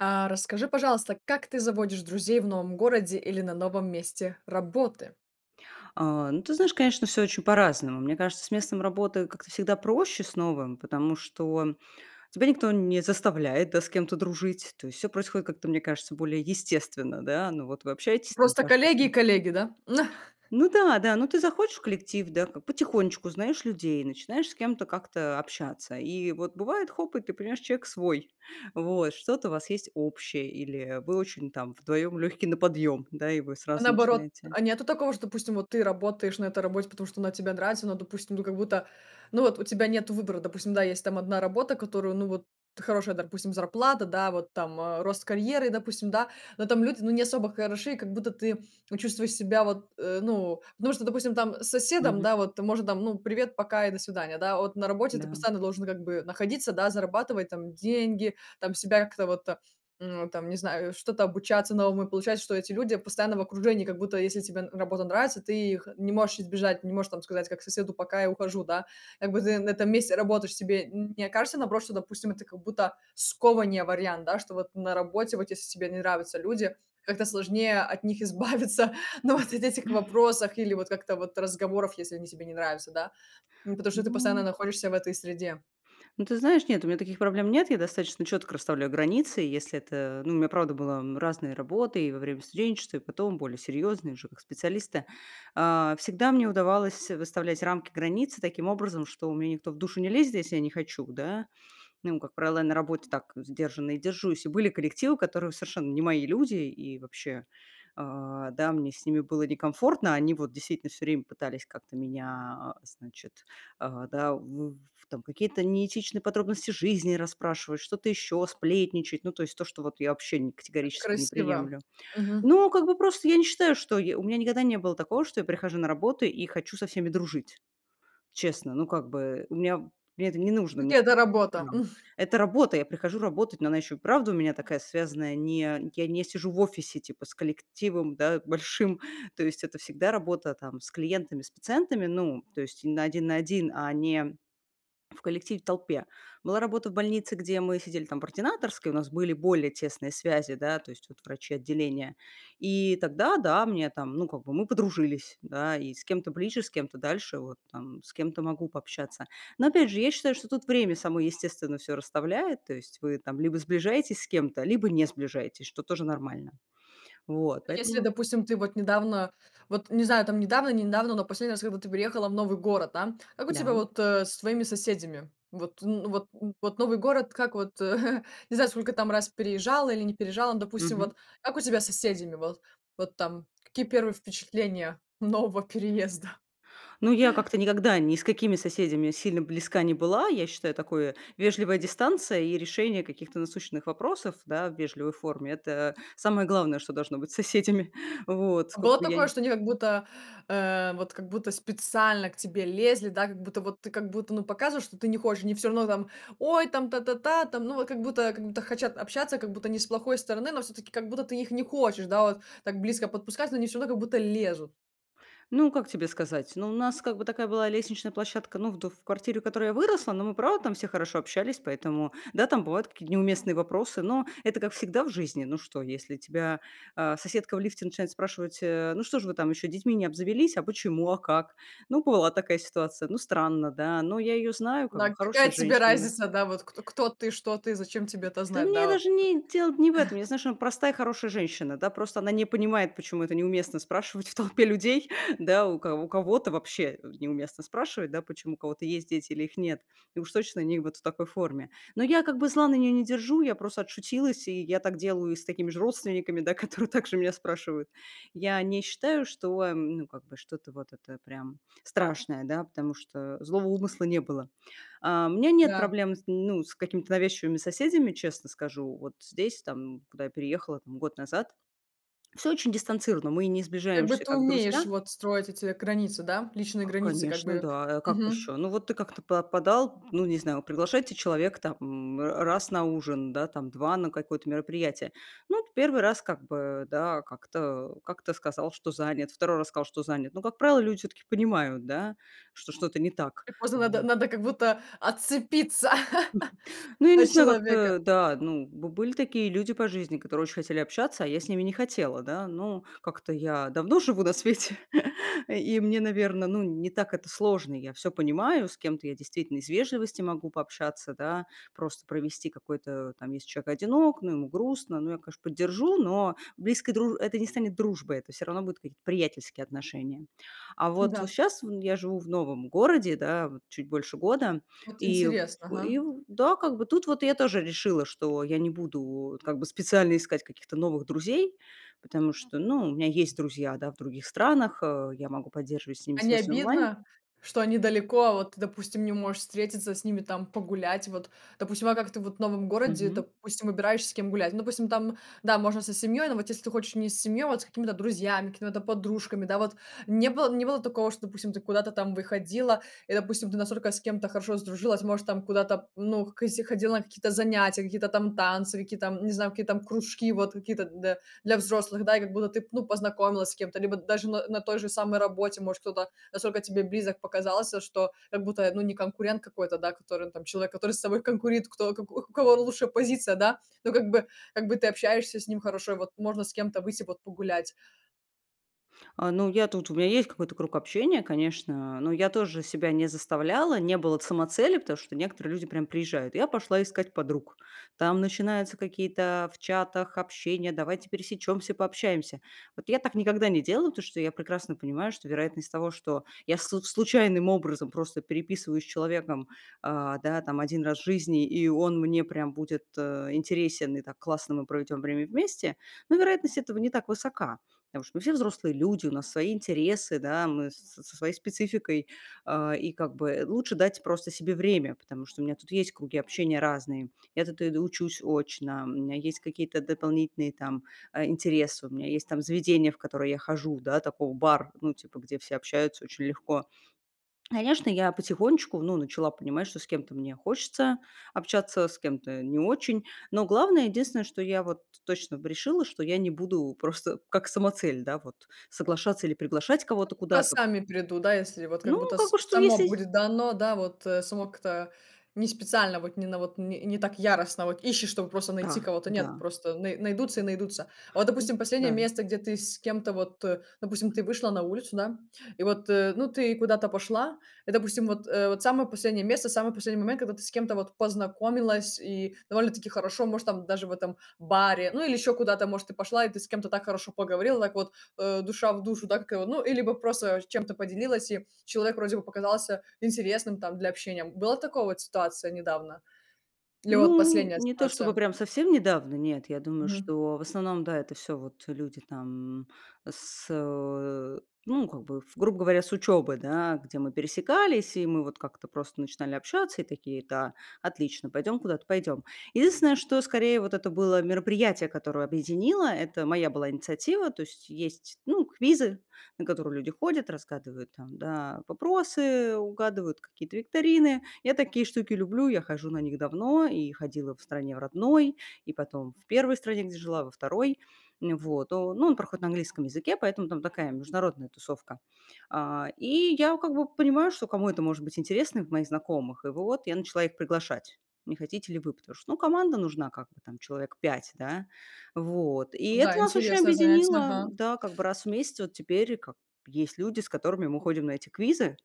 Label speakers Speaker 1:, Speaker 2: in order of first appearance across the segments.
Speaker 1: А расскажи, пожалуйста, как ты заводишь друзей в новом городе или на новом месте работы?
Speaker 2: А, ну, ты знаешь, конечно, всё очень по-разному. Мне кажется, с местом работы как-то всегда проще с новым, потому что тебя никто не заставляет, да, с кем-то дружить. То есть всё происходит как-то, мне кажется, более естественно, да. Ну вот вы общаетесь там
Speaker 1: Просто
Speaker 2: каждый
Speaker 1: коллеги и
Speaker 2: день
Speaker 1: коллеги, да?
Speaker 2: Ну да-да, ну ты захочешь в коллектив, да, как, потихонечку узнаешь людей, начинаешь с кем-то как-то общаться. И вот бывает- хоп, и ты понимаешь: человек свой. Вот, что-то у вас есть общее, или вы очень там вдвоем легкие на подъем, да, и вы
Speaker 1: А,
Speaker 2: сразу
Speaker 1: наоборот,
Speaker 2: начинаете
Speaker 1: а нету такого, что, допустим, вот ты работаешь на этой работе, потому что она тебе нравится, но, допустим, ну, как будто, ну вот у тебя нету выбора. Допустим, да, есть там 1 работа, которую, ну, вот, хорошая, допустим, зарплата, да, вот там, э, рост карьеры, допустим, да. Но там люди, ну, не особо хороши, и как будто ты вот чувствуешь себя вот, э, ну, потому что, допустим, там с соседом,
Speaker 2: Мгм.
Speaker 1: да, вот, может, там, ну, "привет, пока и до свидания", да. А вот на работе ты
Speaker 2: Да.
Speaker 1: постоянно должен как бы находиться, да, зарабатывать там деньги, там, себя как-то вот, м, там, не знаю, что-то обучаться новому. И получается, что эти люди постоянно в окружении, как будто, если тебе работа нравится, ты их не можешь избежать, не можешь там сказать, как соседу: "Пока, я ухожу", да. Как бы ты на этом месте работаешь себе. Н не окажется, наоборот, что, допустим, это как будто скованнее, вариант, да? Что вот на работе, вот если тебе не нравятся люди, как-то сложнее от них избавиться, ну вот от этих вопросов или вот как-то вот разговоров, если они тебе не нравятся, да. М, потому что ты постоянно
Speaker 2: Ну.
Speaker 1: находишься в этой среде.
Speaker 2: Ну, ты знаешь, нет, у меня таких проблем нет. Я достаточно четко расставляю границы. И если это, ну, у меня правда была, м, разная работа и во время студенчества, и потом более серьезные, уже как специалиста. А, всегда мне удавалось выставлять рамки, границы таким образом, что мне никто в душу не лезет, если я не хочу, да. Ну, и как правило, я на работе так сдержанно и держусь. И были коллективы, которые, совершенно не мои люди, и вообще, а, да, мне с ними было некомфортно. Они вот действительно всё время пытались как-то меня, а, значит, а, да, в в там какие-то неэтичные подробности жизни расспрашивать, что-то еще, сплетничать. Ну, то есть то, что вот я вообще не
Speaker 1: Как
Speaker 2: категорически не
Speaker 1: некрасиво,
Speaker 2: приемлю.
Speaker 1: мгм.
Speaker 2: Ну, как бы просто я не считаю, что, я у меня никогда не было такого, что я прихожу на работу и хочу со всеми дружить. Честно, ну, как бы у меня мне это не нужно, мне
Speaker 1: Где эта работа?
Speaker 2: да. Это работа, я прихожу работать, но она еще и вправду у меня такая связанная, не я не сижу в офисе типа с коллективом, да, большим. То есть это всегда работа там с клиентами, с пациентами, ну, то есть на 1 на 1, а не в коллективе, в толпе. Была работа в больнице, где мы сидели там в ординаторской, у нас были более тесные связи, да, то есть вот врачи отделения. И тогда- да, мне там, ну, как бы мы подружились, да, и с кем-то ближе, с кем-то дальше. Вот, там, с кем-то могу пообщаться. Но опять же, я считаю, что тут время само естественно всё расставляет, то есть вы там либо сближаетесь с кем-то, либо не сближаетесь, что тоже нормально. Вот,
Speaker 1: Ну, если,
Speaker 2: поэтому
Speaker 1: допустим, ты вот недавно, вот, не знаю, там, недавно, не недавно, но последний раз, когда ты переехала в новый город, да. Как у тебя
Speaker 2: Да.
Speaker 1: вот, э, с твоими соседями? Вот н вот н вот новый город, как вот, э, не знаю, сколько там раз переезжала или не переезжала, ну, допустим,
Speaker 2: Мгм.
Speaker 1: вот как у тебя с соседями? Вот вот там какие 1 впечатления нового переезда?
Speaker 2: Ну, я как-то никогда ни с какими соседями сильно близка не была. Я считаю, такое: вежливая дистанция и решение каких-то насущных вопросов, да, в вежливой форме- это самое главное, что должно быть с соседями. Вот
Speaker 1: А
Speaker 2: скока
Speaker 1: было
Speaker 2: я
Speaker 1: такое,
Speaker 2: нь
Speaker 1: что они как будто, э, вот как будто специально к тебе лезли, да. Как будто вот ты, как будто, ну, показываешь, что ты не хочешь, они всё равно там: "Ой, там та-та-та там". Ну, вот, как будто как будто хотят общаться. Как будто не с плохой стороны, но всё-таки как будто ты их не хочешь, да, вот так близко подпускать, но они всё равно как будто лезут.
Speaker 2: Ну, как тебе сказать? Ну, у нас как бы такая была лестничная площадка, ну, в д в квартире, в которой я выросла. Но мы, правда, там все хорошо общались. Поэтому да, там бывают какие-то неуместные вопросы, но это как всегда в жизни. Ну что, если тебя, а, соседка в лифте начинает спрашивать, э: "Ну, что же вы там еще детьми не обзавелись? А почему? А как?" Ну, бывала такая ситуация. Ну странно, да, но я ее знаю, как бы
Speaker 1: Да, какая
Speaker 2: хорошая
Speaker 1: тебе
Speaker 2: женщина.
Speaker 1: разница, да, вот кто кто ты, что ты, зачем тебе это
Speaker 2: Да
Speaker 1: знать,
Speaker 2: мне
Speaker 1: да вот.
Speaker 2: даже ни дело не в этом. Я знаю, что она- простая, хорошая женщина, да, просто она не понимает, почему это неуместно спрашивать в толпе людей, да. У кого у кого-то вообще, э, неуместно спрашивать, да, почему у кого-то есть дети или их нет. И уж точно не вот в такой форме. Но я как бы зла на нее не держу. Я просто отшутилась, и я так делаю с такими же родственниками, да, которые также меня спрашивают. Я не считаю, что, м, ну, как бы, что-то вот это прям страшное, да, потому что злого умысла не было. А, у меня нет
Speaker 1: Да.
Speaker 2: проблем с, ну, с какими-то навязчивыми соседями, честно скажу. Вот здесь, там, куда я переехала там год назад, всё очень дистанцированно, мы не
Speaker 1: Как бы
Speaker 2: сближаемся,
Speaker 1: ты
Speaker 2: как
Speaker 1: умеешь
Speaker 2: друзья.
Speaker 1: вот строить эти границы, да? Личные
Speaker 2: Ка
Speaker 1: границы как
Speaker 2: конечно,
Speaker 1: бы,
Speaker 2: да. А как еще?
Speaker 1: мгм.
Speaker 2: Ну вот ты как-то па подал, ну, не знаю, приглашаете человека там, м, р раз на ужин, да, там, 2 на какое-то мероприятие. Ну, вот 1 раз как бы, да, как-то как-то сказал, что занят, 2 раз сказал, что занят. Но, как правило, люди всё-таки понимают, да, что что-то не так,
Speaker 1: И просто надо
Speaker 2: вот.
Speaker 1: надо, как будто, отцепиться
Speaker 2: Ну, я не
Speaker 1: от
Speaker 2: знаю,
Speaker 1: человека.
Speaker 2: как-то, да. Ну, б были такие люди по жизни, которые очень хотели общаться, а я с ними не хотела, да. Ну, как-то я давно живу на свете, и и мне, наверно, ну, не так это сложно, я всё понимаю, с кем-то я действительно из вежливости могу пообщаться, да, просто провести какой-то, там, если человек одинок, ну, ему грустно. Ну, я, конечно, поддержу, но близкой друж это не станет дружбой, это всё равно будут какие-то приятельские отношения. А вот
Speaker 1: Н-да.
Speaker 2: щас в я живу в новом городе, да, вот чуть больше года.
Speaker 1: Вот
Speaker 2: И
Speaker 1: интересно,
Speaker 2: в и
Speaker 1: ага.
Speaker 2: в да, как бы тут вот я тоже решила, что я не буду вот как бы специально искать каких-то новых друзей. Потому что, ну, у меня есть друзья, да, в других странах, э, я могу поддерживать с ними
Speaker 1: А не
Speaker 2: связь онлайн.
Speaker 1: обидно, что они далеко, а вот ты, допустим, не можешь встретиться с ними, там, погулять? Вот, допустим, а как ты вот в новом городе,
Speaker 2: Мгм.
Speaker 1: допустим, выбираешь, с кем гулять? Ну, допустим, там, да, можно со семьей, но вот если ты хочешь не с семьей, а вот с какими-то друзьями, какими-то там подружками, да. Вот не было не было такого, что, допустим, ты куда-то там выходила и, допустим, ты настолько с кем-то хорошо сдружилась? Может, там куда-то, ну, к если ходила на какие-то занятия, какие-то там танцы, какие-то, м, не знаю, какие-то, м, кружки, вот какие-то, д для взрослых, да. И как будто ты, ну, познакомилась с кем-то, либо даже на на той же самой работе. Может, кто-то настолько тебе близок показался, что, как будто, ну, не конкурент какой-то, да, который он там человек, который с тобой конкурит, кто у к у к кого лучше позиция, да. Ну как бы, как бы ты общаешься с ним хорошо, и вот можно с кем-то выйти вот, погулять.
Speaker 2: А, ну я тут, у меня есть какой-то круг общения, конечно, но я тоже себя не заставляла, не было самоцели, потому что некоторые люди прям приезжают, и: "Я пошла искать подруг". Там начинаются какие-то в чатах общения: "Давайте пересечемся, пообщаемся". Вот я так никогда не делала, потому что я прекрасно понимаю, что вероятность того, что я слу случайным образом просто переписываюсь с человеком, а, да, там 1 раз в жизни, и он мне прям будет, э, интересен, и так классно мы проведем время вместе, ну, вероятность этого не так высока. Потому что мы все взрослые люди, у нас свои интересы, да, мы со своей спецификой. А, и как бы лучше дать просто себе время, потому что у меня тут есть круги общения разные. Я тут иду учусь очно, у меня есть какие-то дополнительные, там, а, интересы, у меня есть, там, заведения, в которые я хожу, да, такой бар, ну, типа, где все общаются очень легко. Конечно, я потихонечку, ну, начала понимать, что с кем-то мне хочется общаться, с кем-то не очень. Но главное, единственное, что я вот точно решила, что я не буду просто как самоцель, да, вот, соглашаться или приглашать
Speaker 1: Ну, как
Speaker 2: кого-то
Speaker 1: будто
Speaker 2: куда-то.
Speaker 1: сами придут, да, если вот как
Speaker 2: Ну,
Speaker 1: будто
Speaker 2: как
Speaker 1: с
Speaker 2: бы, что
Speaker 1: само
Speaker 2: если
Speaker 1: будет дано, да, вот, э, само как-то не специально, вот не на вот не, не так яростно, вот ищешь, чтобы просто найти
Speaker 2: А,
Speaker 1: кого-то. Нет,
Speaker 2: да.
Speaker 1: просто най найдутся и найдутся. А вот,
Speaker 2: М,
Speaker 1: допустим, последнее
Speaker 2: да.
Speaker 1: место, где ты с кем-то, вот, э, допустим, ты вышла на улицу, да, и вот, э, ну, ты куда-то пошла. И, допустим, вот, э, вот самое последнее место, самый последний момент, когда ты с кем-то вот познакомилась, и довольно-таки хорошо, может, там, даже в этом баре, ну, или еще куда-то, может, ты пошла, и ты с кем-то так хорошо поговорила, так, вот, э, душа в душу, да, как его, ну, или бы просто чем-то поделилась, и человек вроде бы показался интересным, там, для общения. Была такая вот ситуация недавно или вот
Speaker 2: Ну,
Speaker 1: последняя
Speaker 2: не то чтобы
Speaker 1: ситуация?
Speaker 2: прям совсем недавно, нет. Я думаю,
Speaker 1: Мгм.
Speaker 2: что, в основном, да, это всё вот, э, люди там с, э, ну как бы, в грубо говоря, с учебы, да, где мы пересекались, и мы вот как-то просто начинали общаться и такие: "Да, отлично, пойдем куда-то, пойдем". Единственное, что скорее вот это было мероприятие, которое объединило, это моя была инициатива. То есть есть, ну, квизы, на которые люди ходят, разгадывают там, да, вопросы, угадывают какие-то викторины. Я такие штуки люблю, я хожу на них давно и ходила в стране в родной, и потом в 1 стране, где жила, во 2. Ну вот. Но ну, он проходит на английском языке, поэтому там такая международная тусовка. А, и я как бы понимаю, что кому это может быть интересно в моих знакомых. И вот я начала их приглашать: "Не хотите ли вы?" Потому что, ну, команда нужна как бы там человек 5, да, вот. И
Speaker 1: Ну
Speaker 2: это
Speaker 1: да,
Speaker 2: нас очень
Speaker 1: интересное занятие,
Speaker 2: объединило,
Speaker 1: ага.
Speaker 2: да, как бы раз в месяц вот теперь как бы есть люди, с которыми мы ходим на эти квизы.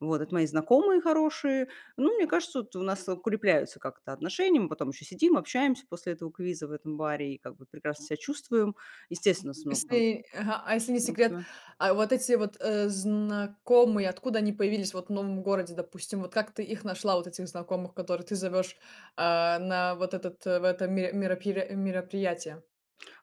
Speaker 2: Вот. Это мои знакомые хорошие. Ну, мне кажется, вот у нас укрепляются как-то отношения. Мы потом еще сидим, общаемся после этого квиза в этом баре и как бы прекрасно ся чувствуем. Естественно, у нас много там
Speaker 1: Если Ага. А если не секрет,
Speaker 2: общего.
Speaker 1: а вот эти вот, э, знакомые, откуда они появились, вот, в новом городе, допустим? Вот как ты их нашла, вот этих знакомых, которых ты зовешь, а, на вот этот, э, в это ми миро пиро мероприятие?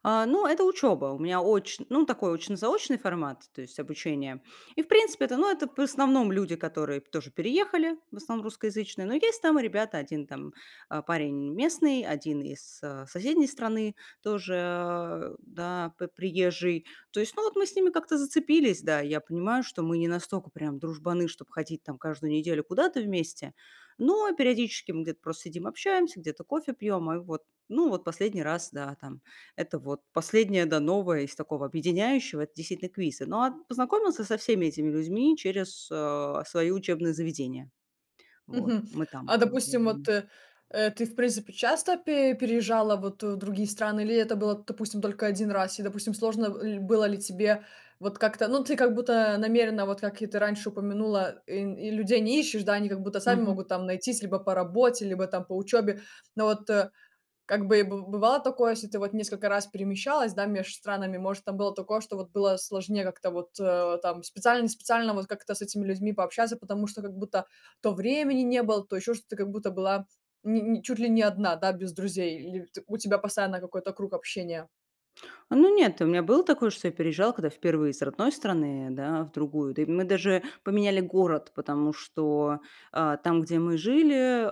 Speaker 2: А, ну, это учеба, у меня очн ну такой, очно-заочный формат, то есть обучение, и, в принципе, это, ну, это в основном люди, которые тоже переехали, в основном русскоязычные, но есть там и ребята: 1 там, а, парень местный, 1 из, э, соседней страны тоже, да, п приезжий. То есть, ну, вот мы с ними как-то зацепились, да, и я понимаю, что мы не настолько прям дружбаны, чтоб ходить там каждую неделю куда-то вместе, но периодически мы где-то просто сидим, общаемся, где-то кофе пьем. И вот, ну вот, последний раз, да, там. Это вот последнее, да, новое из такого объединяющего- это, действительно, квизы. Но, а познакомилась я со всеми этими людьми через, э, свои учебные заведения, вот
Speaker 1: Мгм.
Speaker 2: мы там
Speaker 1: А
Speaker 2: вот
Speaker 1: допустим, вот,
Speaker 2: делаем.
Speaker 1: э, э, ты, в принципе, часто пе переезжала вот в другие страны, или это было, допустим, только 1 раз? И, допустим, сложно ль было ли тебе вот как-то, ну, ты как будто намеренно, вот как и ты раньше упомянула, и и людей не ищешь, да, они как будто сами
Speaker 2: Мгм.
Speaker 1: могут там найтись: либо по работе, либо там по учёбе. Но вот, э, как бы, и бы бывало такое, если ты вот несколько раз перемещалась, да, меж странами, может, там было такое, что вот было сложнее как-то вот, э, там специально, не специально вот как-то с этими людьми пообщаться, потому что как будто то времени не было, то ещё что, ты как будто была не не чуть ли не одна, да, без друзей, или те у тебя постоянно какой-то круг общения?
Speaker 2: Ну нет, у меня было такое, что я переезжала, когда впервые из родной страны, да, в другую. Да и мы даже поменяли город, потому что, а, там, где мы жили,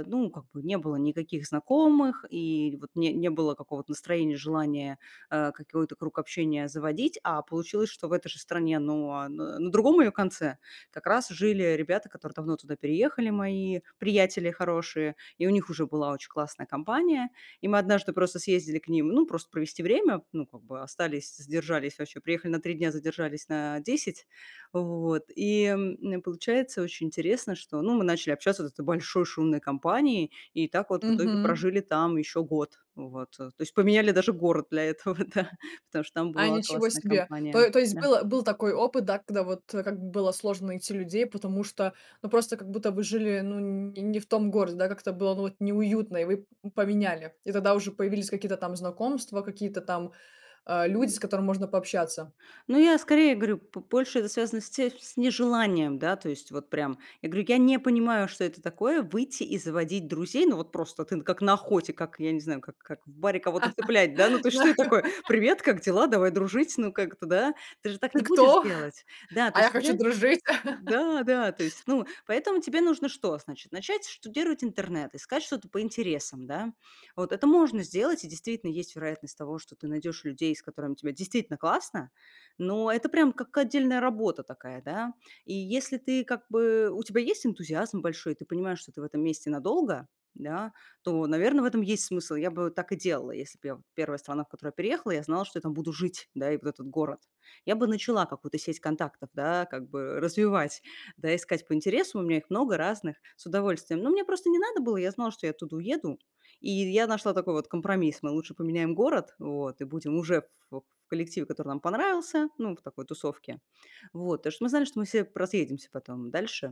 Speaker 2: э, ну, как бы не было никаких знакомых, и вот не не было какого-то настроения, желания, э, какой-то круг общения заводить, а получилось, что в этой же стране, ну, а н на другом ее конце как раз жили ребята, которые давно туда переехали, мои приятели хорошие, и у них уже была очень классная компания. И мы однажды просто съездили к ним, ну, просто провести время, ну, как бы остались, задержались, вообще приехали на 3 дня, задержались на 10, вот. И, м, получается очень интересно, что, ну, мы начали общаться вот с этой большой шумной компанией, и так вот в итоге
Speaker 1: Мгм.
Speaker 2: прожили там еще год, вот. То есть поменяли даже город для этого, да, потому что там
Speaker 1: А,
Speaker 2: была
Speaker 1: ничего
Speaker 2: классная
Speaker 1: себе!
Speaker 2: компания,
Speaker 1: То то есть
Speaker 2: да.
Speaker 1: был был такой опыт, да, когда, вот, было сложно найти людей, потому что, ну, просто как будто вы жили, ну, не не в том городе, да, как-то было, ну, вот неуютно, и вы п поменяли. И тогда уже появились какие-то там знакомства, какие-то там, а, люди, с которыми можно пообщаться.
Speaker 2: Ну, я скорее говорю, п больше это с связано с те с нежеланием, да, то есть вот прям. Я говорю, я не понимаю, что это такое- выйти и заводить друзей. Ну вот просто ты как на охоте, как я не знаю, как как в баре кого-то цеплять, да, ну, то есть что это такое? "Привет, как дела? Давай дружить". Ну, как это, да? Ты же так не
Speaker 1: Ты
Speaker 2: будешь
Speaker 1: кто?
Speaker 2: делать. Да, то
Speaker 1: А я
Speaker 2: есть
Speaker 1: хочу
Speaker 2: тебе
Speaker 1: дружить.
Speaker 2: да, да. То есть, ну, поэтому тебе нужно что? Значит, начать штудировать интернет, искать что-то по интересам, да. Вот это можно сделать, и действительно есть вероятность того, что ты найдешь людей, с которыми тебе действительно классно, но это прямо как отдельная работа такая, да, и если ты как бы у тебя есть энтузиазм большой, и ты понимаешь, что ты в этом месте надолго, да, то, наверно, в этом есть смысл. Я бы так и делала, если б я 1 страна, в которую я переехала, я знала, что я там буду жить, да, и вот этот город. Я бы начала какую-то сеть контактов, да, как бы развивать, да, искать по интересам. У меня их много разных, с удовольствием. Ну, мне просто не надо было, я знала, что я оттуда уеду, и й я нашла такой вот компромисс: мы лучше поменяем город, вот, и будем уже в в в коллективе, который нам понравился, ну, в такой тусовке. Вот. Потому что мы знали, что мы все поразъедемся потом дальше.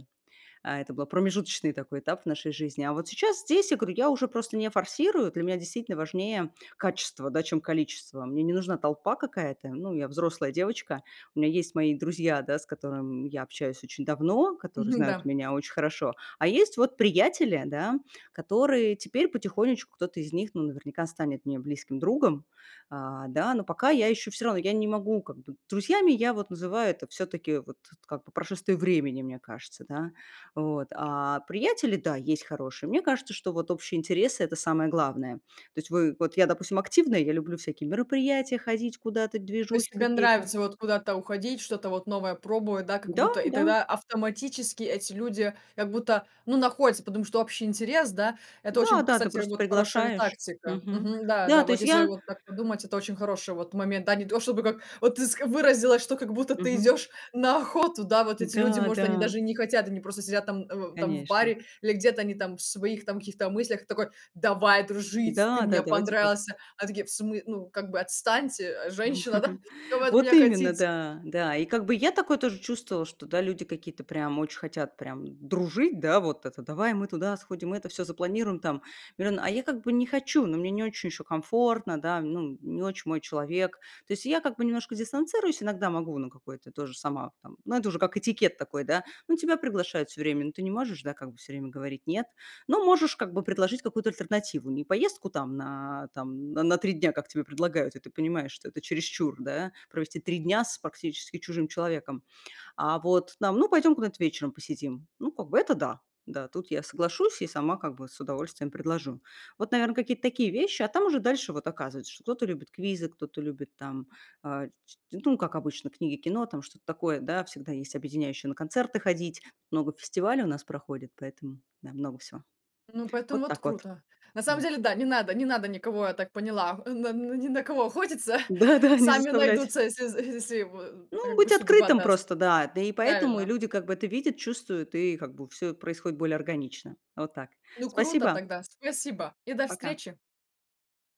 Speaker 2: А это был промежуточный такой этап в нашей жизни. А вот сейчас здесь я уже просто не форсирую. Для меня, действительно, важнее качество, да, чем количество. Мне не нужна толпа какая-то. Ну, я взрослая девочка. У меня есть мои друзья, да, с которыми я общаюсь очень давно, которые
Speaker 1: Мгм,
Speaker 2: знают
Speaker 1: да.
Speaker 2: меня очень хорошо. А есть вот приятели, да, которые теперь потихонечку кто-то из них, ну, наверняка станет мне близким другом. А, да, но пока я еще всё равно, я не могу как бы. Друзьями я вот называю- это всё-таки вот как, по прошествии времени, мне кажется, да, вот. А приятели- да, есть хорошие. Мне кажется, что вот общие интересы- это самое главное. То есть в вот, я, допустим, активная, я люблю на всякие мероприятия, ходить куда-то,
Speaker 1: То есть
Speaker 2: движухи
Speaker 1: тебе
Speaker 2: какие-то.
Speaker 1: нравится вот куда-то уходить, что-то вот новое пробовать, да? Как
Speaker 2: Да,
Speaker 1: будто и
Speaker 2: да.
Speaker 1: тогда автоматически эти люди как будто, ну, находятся, потому что общий интерес. Да, это очень,
Speaker 2: Да-да, ты
Speaker 1: кстати,
Speaker 2: просто
Speaker 1: вот хорошая
Speaker 2: приглашаешь.
Speaker 1: тактика.
Speaker 2: Мгм.
Speaker 1: Мгм. Да, да,
Speaker 2: Да, то
Speaker 1: вот
Speaker 2: есть
Speaker 1: если
Speaker 2: я
Speaker 1: вот так подумать, это очень хороший, вот, момент, да? Не то чтобы, как вот ты ск выразилась, что как будто ты
Speaker 2: Мгм.
Speaker 1: идешь на охоту. Да, вот эти люди,
Speaker 2: Да,
Speaker 1: может, они
Speaker 2: да.
Speaker 1: даже и не хотят, они просто сидят там в там в
Speaker 2: Конечно.
Speaker 1: баре или где-то они там в своих там каких-то мыслях, ты такой: "Давай дружить, ты
Speaker 2: Да, да,
Speaker 1: мне
Speaker 2: давайте по
Speaker 1: понравился". Они такие: "В смы ну, как бы, отстаньте, э, женщина, да, чё вы от
Speaker 2: Вот
Speaker 1: меня
Speaker 2: именно,
Speaker 1: хотите?"
Speaker 2: да, да, и как бы я такое тоже чувствовала, что, да, люди какие-то прям очень хотят прям дружить, да, вот это: "Давай мы туда сходим, это всё запланируем, там миллион". А я как бы не хочу, но мне не очень еще комфортно, да, ну, м не очень мой человек. То есть я как бы немножко дистанцируюсь, иногда могу на какой-то тоже сама там, ну, это уже как этикет такой, да, ну тебя приглашают всё время, ну ты не можешь, да, как бы всё время говорить "нет", но можешь как бы предложить какую-то альтернативу, не поездку там на, там, н на 3 дня, как тебе предлагают, и ты понимаешь, что это чересчур, да, провести 3 дня с практически чужим человеком, а вот там: "Ну, пойдем куда-то вечером посидим". Ну, как бы это да, да, тут я соглашусь и сама как бы с удовольствием предложу. Вот, наверно, какие-то такие вещи, а там уже дальше вот оказывается, что кто-то любит квизы, кто-то любит там, э, ч ну, как обычно, книги, кино, там что-то такое, да, всегда есть объединяющее- на концерты ходить. Много фестивалей у нас проходит, поэтому, да, много всего.
Speaker 1: Ну, поэтому
Speaker 2: Вот
Speaker 1: вот
Speaker 2: так вот.
Speaker 1: круто. На самом
Speaker 2: Да.
Speaker 1: деле, да, не надо, не надо никого, я так поняла, а, на ни на кого охотиться.
Speaker 2: Да, да, не
Speaker 1: Сами
Speaker 2: заставлять.
Speaker 1: найдутся, если если в а
Speaker 2: Ну,
Speaker 1: как
Speaker 2: быть
Speaker 1: бы судьба
Speaker 2: открытым
Speaker 1: даст,
Speaker 2: просто, да, да, и поэтому и
Speaker 1: правильно.
Speaker 2: люди как бы это видят, чувствуют, и как бы всё происходит более органично. Вот так.
Speaker 1: Ну, круто
Speaker 2: Спасибо.
Speaker 1: тогда, спасибо и до
Speaker 2: Пока.
Speaker 1: встречи.